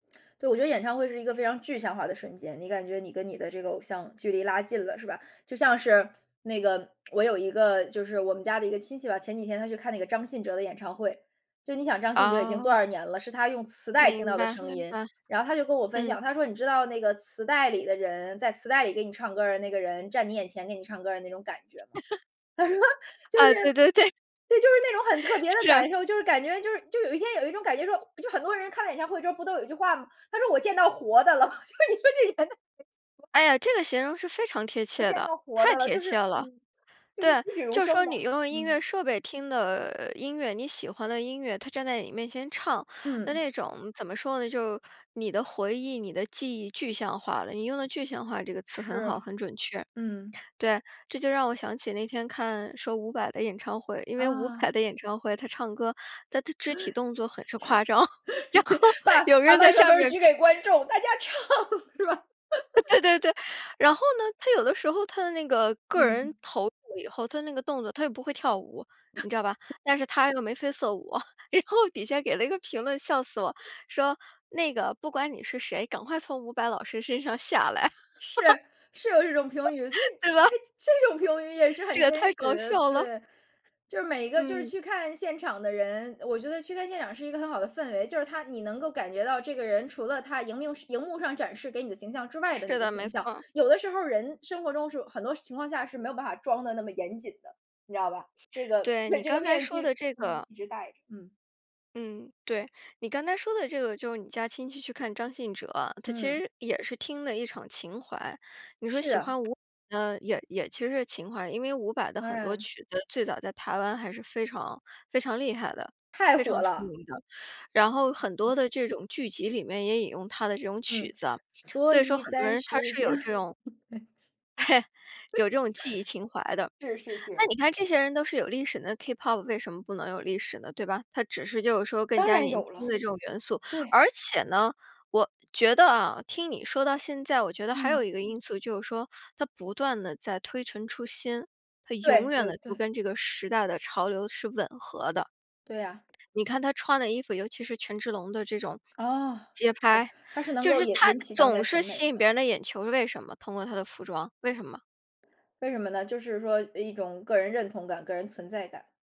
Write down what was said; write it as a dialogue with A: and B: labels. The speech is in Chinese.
A: 对，我觉得演唱会是一个非常具象化的瞬间，你感觉你跟你的这个偶像距离拉近了，是吧？就像是那个我有一个就是我们家的一个亲戚吧。前几天他去看那个张信哲的演唱会，就是你想张信哲已经多
B: 哦。
A: 少年了，是他用磁带听到
B: 明
A: 的
B: 白
A: 声
B: 明
A: 音。
B: 白，
A: 然后他就跟我分
B: 嗯。
A: 享，他说你知道那个磁带里的人，在磁带里给你唱歌儿的那个人，站你眼前给你唱歌的那种感觉吗？他说，就是
B: 啊对对对。
A: 对，就是那种很特别的
B: 是。
A: 感受，就是感觉就是就有一天有一种感觉，就是说，就很多人看了演唱会之后不都有一句话吗，他说我见到活的了。就你说这人
B: 哎呀，这个形容是非常贴
A: 不
B: 切
A: 见
B: 的，
A: 到活
B: 太
A: 的了，
B: 贴
A: 就
B: 切
A: 是
B: 了。
A: 嗯，就是栩
B: 对，
A: 栩如
B: 就是
A: 生
B: 说
A: 的，
B: 你用音乐
A: 嗯。
B: 设备听的音乐，你喜欢的音乐，他站在你面前唱。那
A: 嗯。
B: 那种怎么说呢？就是你的回忆，你的记忆，具象化了。你用的具象化这个词很好，
A: 是，
B: 很准确。
A: 嗯。
B: 对，这就让我想起那天看说伍佰的演唱会。因为伍佰
A: 啊。
B: 的演唱会，他唱歌，他的肢体动作很是夸张，然后
A: 把
B: 有
A: 把
B: 人就在
A: 麦克
B: 下
A: 风儿
B: 面
A: 举给观
B: [unintelligible]
A: 众，大家唱，是吧？
B: 呃 对对对。然后呢，他有的时候他的那个个人
A: 嗯。
B: 投入了以后，他那个动作他又不会跳舞，你知道吧？但是他又眉飞色舞，然后底下给了一个评论，笑死我。说那个不管你是谁，赶快从伍佰老师身上下来。
A: 是，是有这种评语，所以
B: 对吧？
A: 这这种评语也是
B: 这
A: 很
B: 也
A: 真
B: 太搞
A: 实，
B: 笑了。
A: 对。就是每一个就是
B: 嗯。
A: 去看现场的人我觉得去看现场是一个很好的氛围。就是它你能够感觉到这个人除了他荧幕荧幕上展示给你的形象之外的那
B: 是
A: 个
B: 的，没
A: 形
B: 错
A: 象。
B: 儿。
A: 有的时候人生活中是很多情况下是没有办法装得那么严谨的，你知道吧？这个
B: 对，你
A: 这个
B: 刚才
A: 面
B: 说
A: 具，
B: 的这
A: 不能
B: 个
A: 一直戴着，嗯。
B: 嗯，对，你刚才说的这个就是你家亲戚去看张信哲，他其
A: 嗯。
B: 实也是听的一场情怀。你说
A: 是
B: 喜
A: 啊。
B: 欢伍佰呢，也也其实是情怀。因为伍佰的
A: 当
B: 很多
A: 然。
B: 曲子，最早在台湾还是非常非常厉害的，
A: 太
B: 非
A: 火
B: 常出名
A: 了。
B: 的。然后很多的这种剧集里面也引用他的这种曲
A: 嗯，
B: 子。
A: 所
B: 所以说
A: 以
B: 很多
A: 暂
B: 人他
A: 时
B: 是
A: 将
B: 有这种 有这种记忆情怀的。
A: 是是
B: 那
A: 是。
B: 你看这些人都是有历史的，那 Kpop 为什么不能有历史呢，对吧？它只是就是说更
A: 当
B: 加
A: 然
B: 年
A: 有
B: 轻
A: 了。
B: 的这种元素。
A: 对。
B: 而且呢，我觉得啊，听你说到现在，我觉得还有
A: 嗯。
B: 一个因素，就是说它不断地在推陈出新，它永
A: 对
B: 远
A: 对
B: 地就
A: 对。
B: 跟这个时代的潮流是吻合的。
A: 对呀。
B: 你看他穿的衣服，尤其是权志龙的这种
A: 哦，
B: 街
A: 是，
B: 拍。
A: 他是能
B: 就
A: 够
B: 是
A: 引
B: 他
A: 引起当代
B: 总
A: 审
B: 是
A: 美
B: 吸引
A: 的。
B: 别人的眼球，为什么？通过他的服装，为什么？
A: 为什么呢？就是说一种个人认同感，个人存在感。